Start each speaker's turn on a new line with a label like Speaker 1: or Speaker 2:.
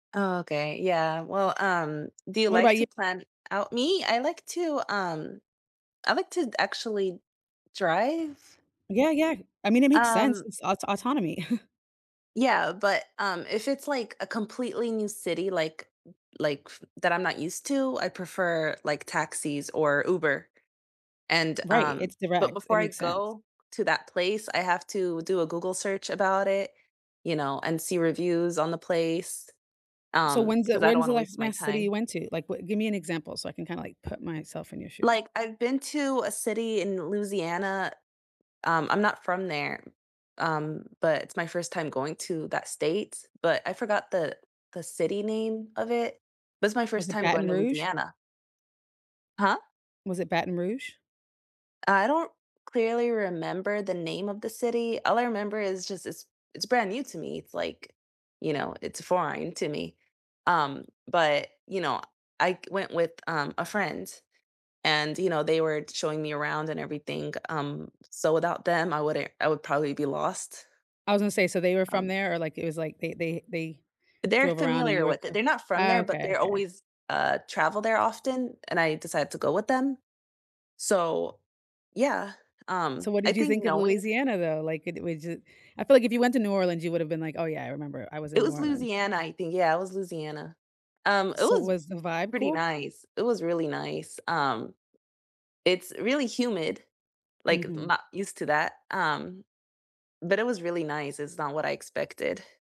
Speaker 1: Oh, okay, yeah, well, um, do you
Speaker 2: What
Speaker 1: like
Speaker 2: about yo
Speaker 1: to plan out Me, I like to um, I like to actually drive.
Speaker 2: Yeah, yeah, I mean, it makes sense,
Speaker 1: Um
Speaker 2: it's aut autonomy.
Speaker 1: Yeah, but, um, if it's like a completely new city, like like that I'm not used to, I prefer, like, taxis or Uber, and
Speaker 2: Right,
Speaker 1: um
Speaker 2: it's
Speaker 1: but
Speaker 2: direct, it
Speaker 1: before I
Speaker 2: makes sense.
Speaker 1: go to that place, I have to do a Google search about it, you know, and see reviews on the place,
Speaker 2: So,
Speaker 1: um,
Speaker 2: when's the
Speaker 1: because I don't
Speaker 2: when's
Speaker 1: want
Speaker 2: the
Speaker 1: to
Speaker 2: last
Speaker 1: waste my
Speaker 2: last city you
Speaker 1: time.
Speaker 2: went to? Like, wh give me an example so I can kinda like put myself in your shoes.
Speaker 1: Like, I've been to a city in Louisiana, um, I'm not from there, um, but it's my first time going to that state, but I forgot the the city name of it. That's my
Speaker 2: Was
Speaker 1: first
Speaker 2: it
Speaker 1: time
Speaker 2: Baton
Speaker 1: going to
Speaker 2: Rouge?
Speaker 1: Louisiana. Huh?
Speaker 2: Was it Baton Rouge?
Speaker 1: I don't clearly remember the name of the city, all I remember is just it's it's brand new to me, it's like, you know it's foreign to me, um, but, you know, I went with, um, a friend and, you know, they were showing me around and everything, um, so without them, I wouldn't I would probably be lost.
Speaker 2: I was gonna say, so they were from
Speaker 1: Um
Speaker 2: there or like, it was like they they they
Speaker 1: They're
Speaker 2: drove around and you
Speaker 1: familiar
Speaker 2: were
Speaker 1: with it
Speaker 2: co
Speaker 1: they're not from
Speaker 2: Oh,
Speaker 1: there, but
Speaker 2: okay,
Speaker 1: they're
Speaker 2: okay.
Speaker 1: always uh, travel there often, and I decided to go with them. So, yeah,
Speaker 2: So
Speaker 1: um,
Speaker 2: what
Speaker 1: I
Speaker 2: did you
Speaker 1: think
Speaker 2: think of
Speaker 1: knowing
Speaker 2: Louisiana though, like it was jus I feel like if you went to New Orleans, you would’ve been like, "Oh yeah, I remember I was
Speaker 1: It
Speaker 2: in New
Speaker 1: was
Speaker 2: Orleans."
Speaker 1: Louisiana, I think yeah, it was Louisiana. Um, it
Speaker 2: So
Speaker 1: was
Speaker 2: was the vibe
Speaker 1: pretty
Speaker 2: cool?
Speaker 1: nice, it was really nice, um, it's really humid, like, I'm
Speaker 2: Mhm.
Speaker 1: not used to that, um, but it was really nice, it's not what I expected.